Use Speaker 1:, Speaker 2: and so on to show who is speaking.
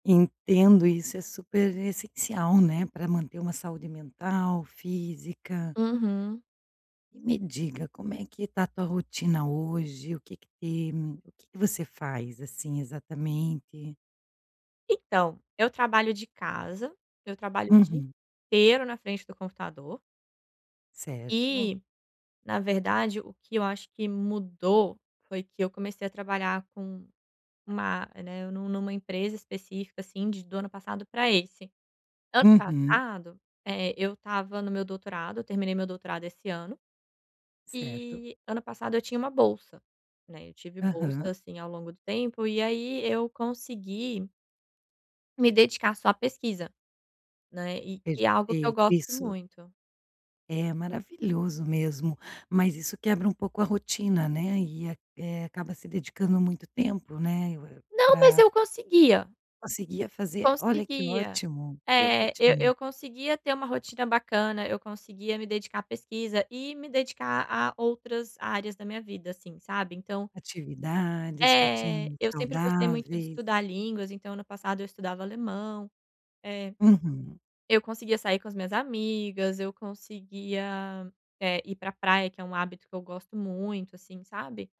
Speaker 1: Entendo, isso é super essencial, né, para manter uma saúde mental, física.
Speaker 2: Uhum.
Speaker 1: E me diga, como é que está a tua rotina hoje? O que que tem o que que você faz, assim, exatamente?
Speaker 2: Então, eu trabalho de casa, eu trabalho o dia
Speaker 1: Uhum.
Speaker 2: inteiro na frente do computador.
Speaker 1: Certo.
Speaker 2: E, na verdade, o que eu acho que mudou foi que eu comecei a trabalhar com uma né, nu numa empresa específica, assim, de do ano passado para esse. Ano
Speaker 1: Uhum.
Speaker 2: passado, eh, eu estava no meu doutorado, eu terminei meu doutorado esse ano,
Speaker 1: Certo.
Speaker 2: e ano passado eu tinha uma bolsa, né, eu tive bolsa,
Speaker 1: Aham.
Speaker 2: assim, ao longo do tempo, e aí eu consegui me dedicar só à pesquisa, né, e que é algo que eu
Speaker 1: Perfeito,
Speaker 2: gosto
Speaker 1: isso
Speaker 2: muito.
Speaker 1: é, é maravilhoso mesmo. Mas isso quebra um pouco a rotina, né, e a eh, acaba se dedicando muito tempo, né, eu é
Speaker 2: Não, mas
Speaker 1: pra
Speaker 2: eu conseguia.
Speaker 1: Conseguia fazer. Olha que
Speaker 2: Conseguia.
Speaker 1: ótimo, que
Speaker 2: É, eu
Speaker 1: ótimo.
Speaker 2: eu conseguia ter uma rotina bacana, eu conseguia me dedicar à pesquisa e me dedicar a outras áreas da minha vida, assim, sabe, então
Speaker 1: Atividades,
Speaker 2: É,
Speaker 1: rotinas
Speaker 2: eu sempre gostei muito de
Speaker 1: saudáveis.
Speaker 2: estudar línguas, então ano passado eu estudava alemão, é.
Speaker 1: Uhum.
Speaker 2: Eu conseguia sair com as minhas amigas, eu conseguia, eh, ir para praia, que é um hábito que eu gosto muito, assim, sabe.